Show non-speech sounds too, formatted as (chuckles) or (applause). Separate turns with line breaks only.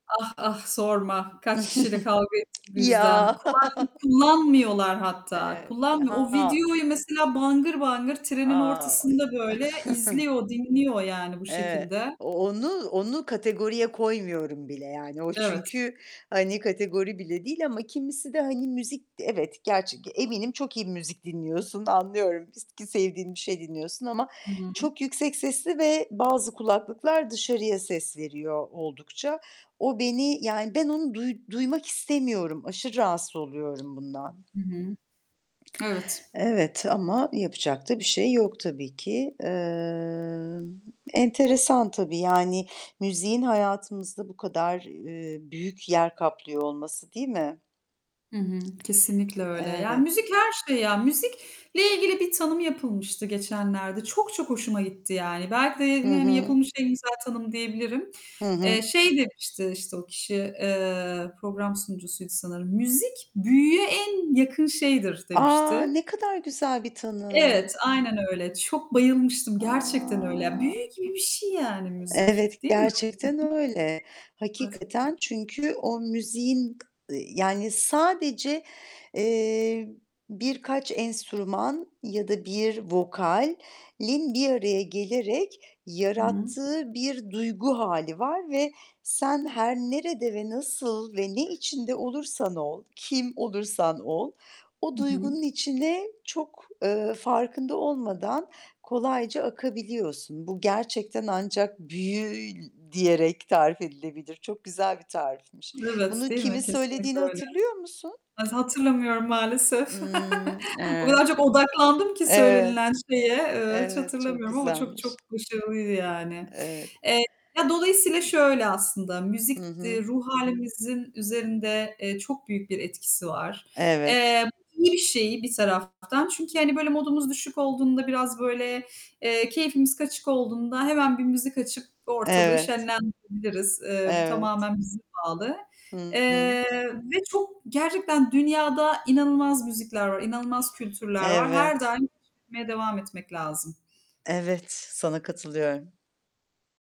Ah, ah! Sorma kaç kişiyle kavga
(chuckles)
ettim bu yüzden.
Ya!
Kulaklık kullanmıyorlar
(chuckles)
hatta
Eee,
kullanmıyor. O
Ha!
videoyu mesela bangır bangır trenin
A, o ya.
ortasında böyle
(chuckles)
izliyor, dinliyor yani bu
Eee,
şekilde.
onu onu kategoriye koymuyorum bile. Yani o
Evet.
çünkü, hani, kategori bile değil. Ama kimisi de, hani, müzik evet, gerç g eminim çok iyi müzik dinliyorsun, anlıyorum ki s ki sevdiğin bir şey dinliyorsun ama
Hı hı.
çok yüksek sesli ve bazı kulaklıklar dışarıya ses veriyor oldukça. O beni yani ben onu duy duymak istemiyorum. Aşırı rahatsız oluyorum bundan.
Hı hı. Evet.
Evet ama yapacak da bir şey yok tabii ki. Emm, enteresan tabii. Yani müziğin hayatımızda bu kadar, eee, büyük yer kaplıyor olması, değil mi?
Hı hı, kesinlikle öyle. Yani
Evet.
müzik her şey ya. Müzikle ilgili bir tanım yapılmıştı geçenlerde. Çok çok hoşuma gitti yani belki de ye
Hı
hani,
hı.
yapılmış en güzel tanım diyebilirim.
Hı
Eee,
hı.
şey demişti işte o kişi, eee, program sunucusuydu sanırım. "Müzik büyüye en yakın şeydir."
A,
demişti.
ne kadar güzel bir tanım!
Evet, aynen öyle. Çok bayılmıştım.
A!
Gerçekten öyle. Büyü gibi bir şey yani müzik,
Evet,
değil mi?
gerçekten
Hı hı.
öyle.
Evet.
Hakikaten. Çünkü o müziğin, ııı, yani, sadece, eee, birkaç enstrüman ya da 1 vokalin bir araya gelerek
Hı.
yarattığı bir duygu hâli var ve sen her nerede ve nasıl ve ne içinde olursan ol, kim olursan ol, o
Hı hı.
duygunun içine çok, eee, farkında olmadan kolayca akabiliyorsun. Bu gerçekten ancak "büyü" diyerek tarif edilebilir. Çok güzel bir tarifmiş.
Evet,
Bunu
değil
kimin
mi? Kesinlikle
söylediğini
öyle.
hatırlıyor musun?
Ha hatırlamıyorum, maalesef.
Hımm,
(chuckles) O kadar
evet.
çok odaklandım ki
Evet.
söylenilen şeye, eee, hiç
Evet, çok
hatırlamıyorum ama çok
güzelmiş.
çok başarılıydı yani.
Evet.
Eee, ya, dolayısıyla şöyle aslında:
Hı
Müzik d
hı.
ruh hâlimizin üzerinde, eee, çok büyük bir etkisi var.
Evet.
Eee, iyi bir şey bir taraftan çünkü hani böyle modumuz düşük olduğunda, biraz böyle, eee, keyfimiz kaçık olduğunda hemen bir müzik açıp ortalığı
Evet.
şenlendirebiliriz. Eee, bu
Evet.
tamamen bize bağlı.
Hı hı.
Eee, ve çok gerçekten dünyada inanılmaz müzikler var, inanılmaz kültürler var. Her
Evet.
daim keşfetmeye devam etmek lazım.
Evet, sana katılıyorum.